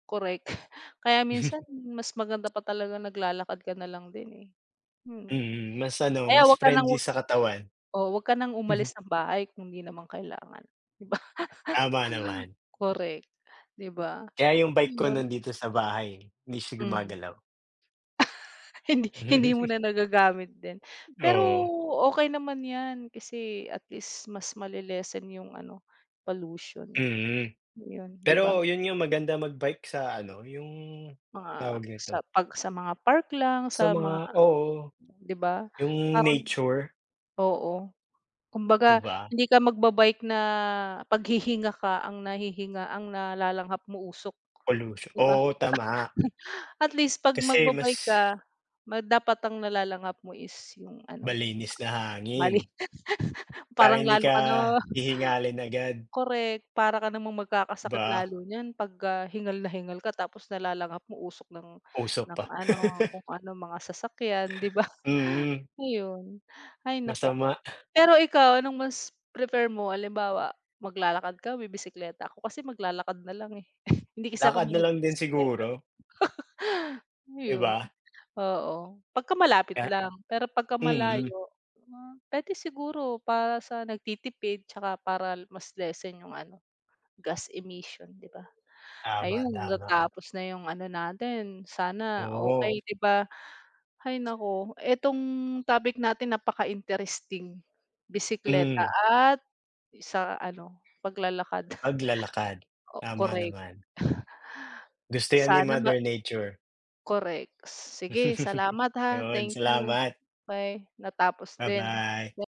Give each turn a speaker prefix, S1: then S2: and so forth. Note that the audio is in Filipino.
S1: Korek, kaya minsan mas maganda pa talaga naglalakad ka nalang din eh, mm.
S2: Mm, mas
S1: O
S2: ano,
S1: kaya
S2: mas
S1: 'wag ka ng
S2: friendly
S1: 'wag
S2: sa katawan.
S1: oo, 'wag ka ng umalis ng bahay kung hindi naman kailangan, di ba?
S2: Tama naman.
S1: Korek, di ba?
S2: Kaya yung bike ko
S1: Yun.
S2: nandito sa bahay eh, hindi siya
S1: Mm.
S2: gumagalaw.
S1: Hindi hindi mo na nagagamit din. Pero
S2: Oo.
S1: okey naman yan, kasi at least mas male-lessen yung ano, pollution,
S2: Mm,
S1: yun, di ba?
S2: pero yun yung maganda mag-bike sa ano, yung
S1: Mga
S2: tawag
S1: sa
S2: nito?
S1: 'pag sa mga park lang,
S2: Sa
S1: sa mga
S2: mga oo,
S1: di ba,
S2: yung
S1: parang,
S2: nature.
S1: oo,
S2: Di
S1: kumbaga
S2: ba?
S1: hindi ka magba-bike na paghihinga ka, ang nahihinga ang nalalanghap mo, usok,
S2: Polusyon,
S1: di ba?
S2: oo, tama.
S1: At least 'pag
S2: Kasi mas
S1: magba-bike ka, ma dapat ang nalalanghap mo is yung ano,
S2: Malinis na
S1: mali,
S2: hangin. Para
S1: parang
S2: hindi
S1: lalo
S2: ka
S1: ka na
S2: hihingalin agad.
S1: Korek, para ka namang magkakasakit
S2: Ba
S1: lalo niyan 'pag, ah, hingal na hingal ka tapos nalalanghap mo usok ng
S2: Uso
S1: ng
S2: pa.
S1: ano, kung ano mga sasakyan, 'di ba?
S2: Mm.
S1: Ayon. Hay naku.
S2: Masama.
S1: Pero ikaw anong mas prefer mo halimbawa maglalakad ka, bibisekleta? Ako kasi maglalakad nalang eh, hindi kasi ako
S2: Lakad
S1: mahilig
S2: nalang din
S1: magbisekleta,
S2: siguro. Di
S1: ayun.
S2: ba?
S1: Oo, pagka malapit
S2: Ah,
S1: lang pero pagka
S2: mm.
S1: malayo, hmm, pwede siguro para sa nagtitipid tsaka para mas lessen yung ano, gas emission, di ba?
S2: Tama,
S1: Ayun,
S2: tama.
S1: natapos na yung ano natin, sana
S2: Oo.
S1: okey, di ba? Hay naku, etong topic natin napaka-interesting, bisekleta
S2: Mm.
S1: at sa ano, paglalakad.
S2: Paglalakad,
S1: O
S2: tama
S1: korek.
S2: naman. Gusto yan ni
S1: Sana ma
S2: mother nature.
S1: Korek, sige salamat ha.
S2: Yun
S1: Thank you,
S2: salamat.
S1: may natapos din na
S2: Ba-bye.